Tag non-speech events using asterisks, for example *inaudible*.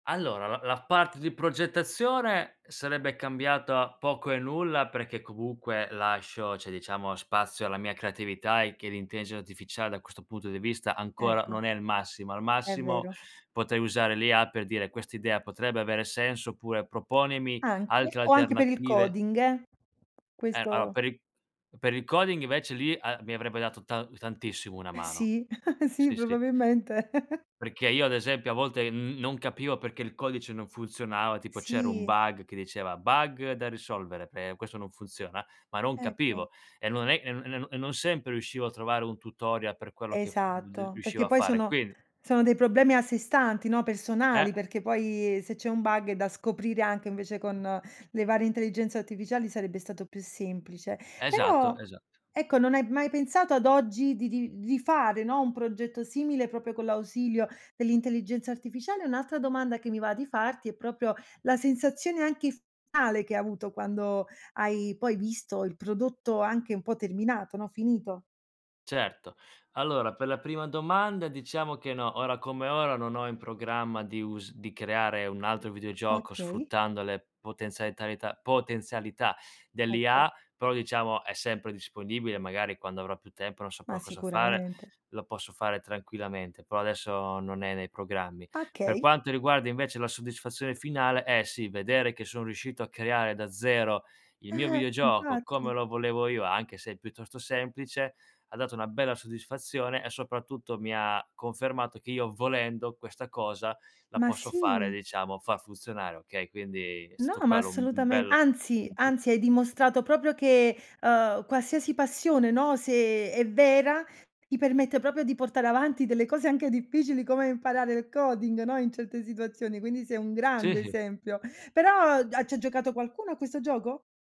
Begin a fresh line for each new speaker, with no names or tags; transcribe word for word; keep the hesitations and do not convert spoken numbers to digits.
Allora, l la parte di progettazione sarebbe cambiata poco e nulla, perché comunque lascio, ceh diciamo spazio alla mia creatività e che l'intelligenza artificiale da questo punto di vista ancora
Ecco.
non è il massimo. Al
È
massimo
vero.
potrei usare l'IA per dire "quest'idea potrebbe avere senso" oppure "proponimi
Anche,
altre
o anche per il
alternative"
coding eh?
Eh allora,
Questo
per il per il coding invece lì a mi avrebbe dato ta tantissimo una
Eh
mano
sì, *laughs* sì,
sì, sì.
probabilmente.
Perché io ad
*laughs*
esempio a volte n non capivo perché il codice non funzionava, tipo c'era un
Sì.
bug che diceva: "Bug da risolvere, ehm, questo non funziona". Ma non
Ecco.
capivo e non è e n e n e non sempre riuscivo a trovare un tutoria per quello che f v
Esatto,
riuscivo
perché
a
poi
fare.
sono
Quindi
sono dei problemi a sé stanti, no,
Eh!
personali, perché poi se c'è un bug, eh, da scoprire anche invece con le varie intelligenze artificiali sarebbe stato più semplice.
Esatto,
Però
esatto.
ecco, non hai mai pensato ad oggi di di di fare, no, un progetto simile proprio con l'ausilio dell'intelligenza artificiale? E un'altra domanda che mi va di farti, è proprio la sensazione anche f ale che hai avuto quando hai poi visto il prodotto anche un po' terminato, no, finito.
Certo. Allora, per la prima domanda diciamo che no, ora come ora non ho in programma di us di creare un altro videogioco
Okay.
sfruttando le potenzialitalità, potenzialità
Ecco.
dell'IA, però diciamo è sempre disponibile, magari quando avrò più tempo non
Ma
saprò cosa fare,
sicuramente.
lo posso fare tranquillamente, prò adesso non è nei programmi. Per
achey.
quanto riguarda invece la soddisfazione finale, eh sì, vedere che sono riuscito a creare da zero il mio
Eh-eh,
videogioco come
infatti.
lo volevo io, anche se è piuttosto semplice, m'ha dato una bella soddisfazione e soprattutto mi ha confermato che io volendo questa cosa la
Ma
posso fare,
sì!
diciamo, far funzionare, okay, quindi è
No,
stato
ma
quello u un
assolutamente,
bel
anzi anzi,
input.
hai dimostrato proprio che, ehm, qualsiasi passione, no, se è vera, ti permette proprio di portare avanti delle cose anche difficili come imparare il coding, no, in certe situazioni, quindi sei un grande
Sì.
esempio. Però a c'ha già giocato qualcuno a questo gioco?